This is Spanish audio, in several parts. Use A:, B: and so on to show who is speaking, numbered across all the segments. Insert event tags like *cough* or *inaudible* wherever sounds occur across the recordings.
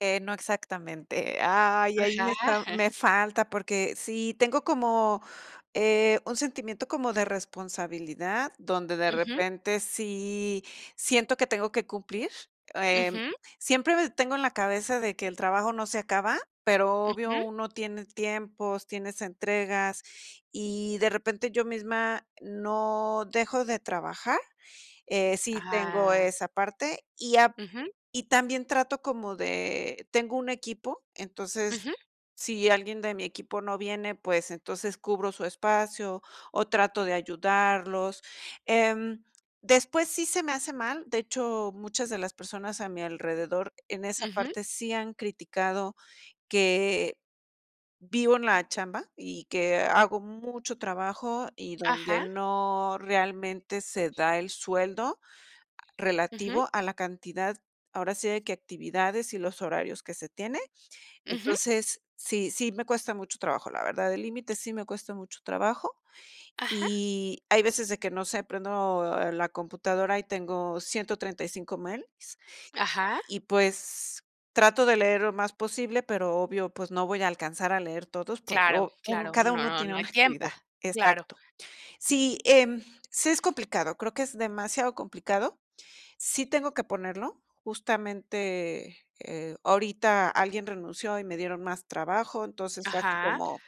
A: Eh, no exactamente, ah, ahí ahí,
B: Ajá.
A: me está me
B: *chuckles*
A: falta, porque sí, tengo como, eh, un sentimiento como de responsabilidad, donde de
B: Ujú.
A: repente, sí siento que tengo que cumplir, eh,
B: Ujú.
A: siempre, eh, tengo en la cabeza, de que el trabajo no se acaba, pero obvio,
B: Ujú.
A: uno tiene tiempos, tienes entregas, y de repente yo misma, no dejo de trabajar, eh, sí tengo
B: Ah.
A: esa parte, y a
B: Ujú.
A: y también trato como de tengo un equipo,
B: Ujú.
A: entonces, si alguien de mi equipo no viene, pues, entonces cubro su espacio o trato de ayudarlos, em, después, sí se me hace mal, de hecho, muchas de las personas a mi alrededor, en esa
B: Ujú.
A: parte sí han criticado, que vivo en la chamba, y que hago mucho trabajo, y donde
B: Ajá.
A: no realmente se da el sueldo,
B: Ujú.
A: relativo a la cantidad, ahora sí, de qué actividades y los horarios que se tiene,
B: Ujú.
A: entonces, sí sí me cuesta mucho trabajo, la verdad, el límite sí me cuesta mucho trabajo,
B: Ajá.
A: y, hay veces de que, no sé, prendo la computadora y tengo 135 mails
B: Ajá.
A: y, pues, trato de leer lo más posible, pero obvio, pues, no voy a alcanzar a leer todos, porque
B: Claro,
A: u un
B: claro,
A: cada uno
B: no,
A: tiene
B: no hay
A: una actividad,
B: tiempo, claro.
A: exacto, sí, em, sí es complicado, creo que, es demasiado complicado, sí tengo que ponerlo, justamente, eh, ahorita alguien renunció y me dieron más trabajo, entonces fue así
B: Ajá.
A: como,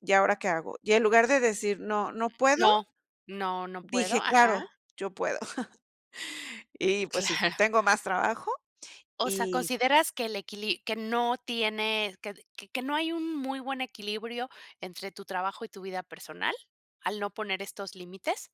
A: ¿y ahora qué hago?, y en lugar de decir: "No, no puedo",
B: No, no no puedo,
A: dije:
B: ajá.
A: "Claro, yo puedo", *chuckles* y, pues sí,
B: Claro
A: tengo más trabajo
B: O sea,
A: y
B: ¿consideras que el equili que no tiene, que que no hay un muy buen equilibrio entre tu trabajo y tu vida personal?, ¿al no poner estos límites?